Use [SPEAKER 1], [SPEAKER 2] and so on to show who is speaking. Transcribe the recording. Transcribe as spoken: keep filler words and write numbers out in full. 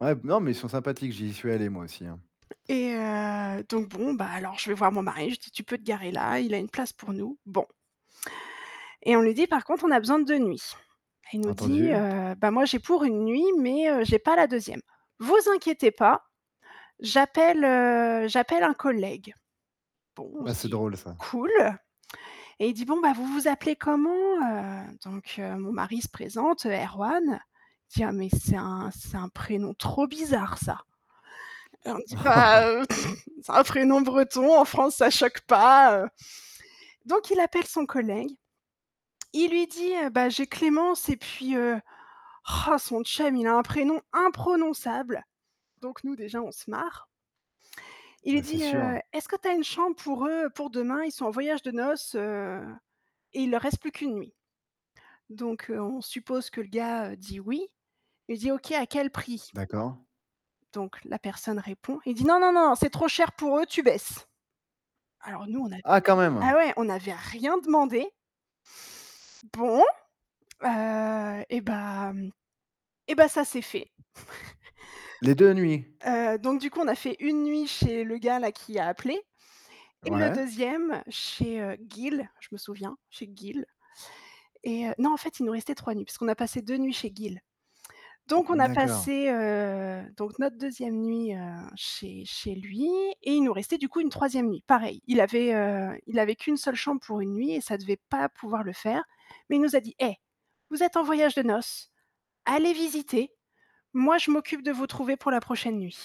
[SPEAKER 1] Ouais m non, mais ils sont sympathiques, j'y suis allé moi aussi hein.
[SPEAKER 2] Et heu, donc bon, bah alors je vais voir mon mari, je dis: «Tu peux te garer là, il a une place pour nous», bon. Et on lui dit: «Par contre on a besoin de deux nuits». Il nous dit,
[SPEAKER 1] Entendu.
[SPEAKER 2] heu: «Bah moi j'ai pour une nuit, mais heu, j'ai pas la deuxième. Vous inquiétez pas, j'appelle, heu, j'appelle un collègue». Bon, on
[SPEAKER 1] Ouais
[SPEAKER 2] se
[SPEAKER 1] c'est
[SPEAKER 2] dit:
[SPEAKER 1] drôle ça.
[SPEAKER 2] «Cool» et il dit: «Bon, bah vous vous appelez comment? Heu», donc heu, mon mari se présente, heu, Erwan, il dit: «Ah mais c'est un c'est un prénom trop bizarre ça». On dit: «Bah, heu, c'est un prénom breton en France, ça choque pas, heu», donc il appelle son collègue, il lui dit, heu: «Bah j'ai Clémence et puis, heu, roh son chum, il a un prénom imprononçable» donc nous déjà on se marre. Il lui
[SPEAKER 1] Bah c'est
[SPEAKER 2] dit:
[SPEAKER 1] sûr.
[SPEAKER 2] «Heu, est-ce que tu as une chambre pour eux, pour demain, ils sont en voyage de noces, heu, et il leur reste plus qu'une nuit». Donc heu, on suppose que le gars, heu, dit «oui», il dit: «OK à quel prix?»
[SPEAKER 1] D'accord.
[SPEAKER 2] Donc la personne répond, il dit: «Non, non, non, c'est trop cher pour eux, tu baisses» alors nous [unintelligible]
[SPEAKER 1] Ah quand même!
[SPEAKER 2] ah ouais, on n'avait rien demandé. Bon, heu, eh bah, mmh, eh bah ça s'est fait.
[SPEAKER 1] Les deux nuits?
[SPEAKER 2] Heu, donc du coup on a fait une nuit chez le gars là qui a appelé et le
[SPEAKER 1] Ouais.
[SPEAKER 2] deuxième chez, heu, Gill, je me souviens chez Gill, et heu non en fait il nous restait trois nuits puisqu'on a passé deux nuits chez Gill, donc on a
[SPEAKER 1] D'accord.
[SPEAKER 2] passé, heu, donc notre deuxième nuit, heu, chez chez lui et il nous restait du coup une troisième nuit, pareil. Il avait, heu, il avait qu'une seule chambre pour une nuit et ça devait pas pouvoir le faire, mais il nous a dit: «Eh, vous êtes en voyage de noces, allez visiter, moi je m'occupe de vous trouver pour la prochaine nuit».